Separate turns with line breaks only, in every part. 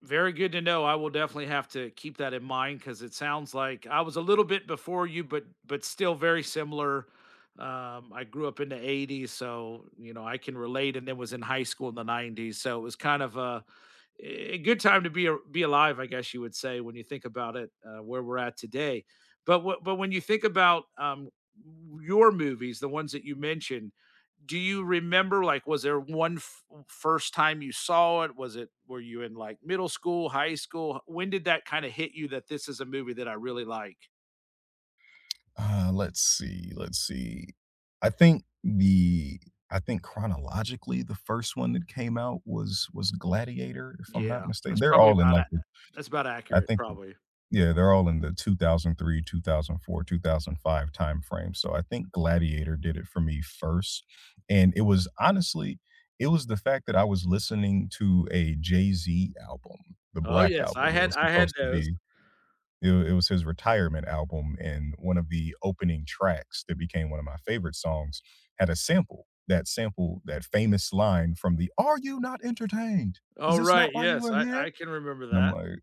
Very good to know, I will definitely have to keep that in mind 'cause it sounds like I was a little bit before you, but but still very similar. Um, I grew up in the 80's, so, you know, I can relate, and then was in high school in the 90's, so it was kind of a, eh, good time to be ar be alive, I guess you would say, when you think about it, uh, where we're at today. But wh but when you think about, um, your movies, the ones that you mentioned, do you remember, like, was there one f first time you saw it? Was it were you in like middle school, high school? H when did that kinda hit you that this is a movie that I really like?
Uh, let's see, let's see. I think the I think chronologically, the 1st one that came out was was Gladiator, if I'm
Yeah.
not mistaken
That's
they're
probably
all in
about
like
ac
the
that's about
I
accurate,
think th
probably.
yeah, they're all in the 2003, 2004, 2005 timeframe, so I think Gladiator did it for me 1st and it was honestly, it was the fact that I was listening to a Jay-Z album, The
Oh,
Black
yes,
Album,
I
it
had
was
I had
supposed to
those.
be it was it was his retirement album, and one of the opening tracks that became one of my favorite songs had a sample, that sample, that famous line from the, "Are you not entertained? Is
Oh,
this not
right,
why you
yes,
are
I
here?"
I can remember
And I'm
that.
like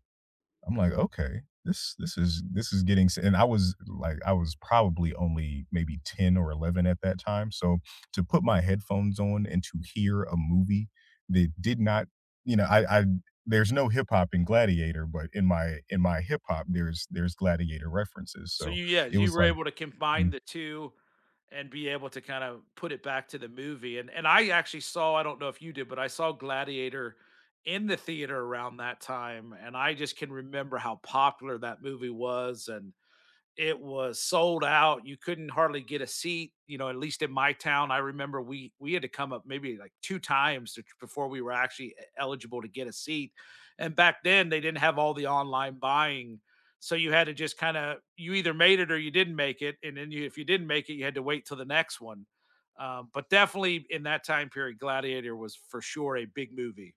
I'm like, "Okay. This this is this is getting s" and I was like I was probably only maybe 10 or 11 at that time, so to put my headphones on and to hear a movie that did not you know, I I there's no hip-hop in Gladiator, but in my in my hip-hop, there's there's Gladiator references,
So,
so
you yeah,
it
you
was
were
like
able to combine
Mm.
the 2 and be able to kinda put it back to the movie and and I actually saw I don't know if you did, but I saw Gladiator in the theater around that time, and I just can remember how popular that movie was, and it was sold out; you couldn't hardly get a seat, you know, at least in my town, I remember we we had to come up maybe like 2 times ch before we were actually e eligible to get a seat, and back then they didn't have all the online buying. So, you had to just kinda you either made it or you didn't make it, and then you if you didn't make it, you had to wait till the next one. Um, but definitely in that time period, Gladiator was for sure a big movie.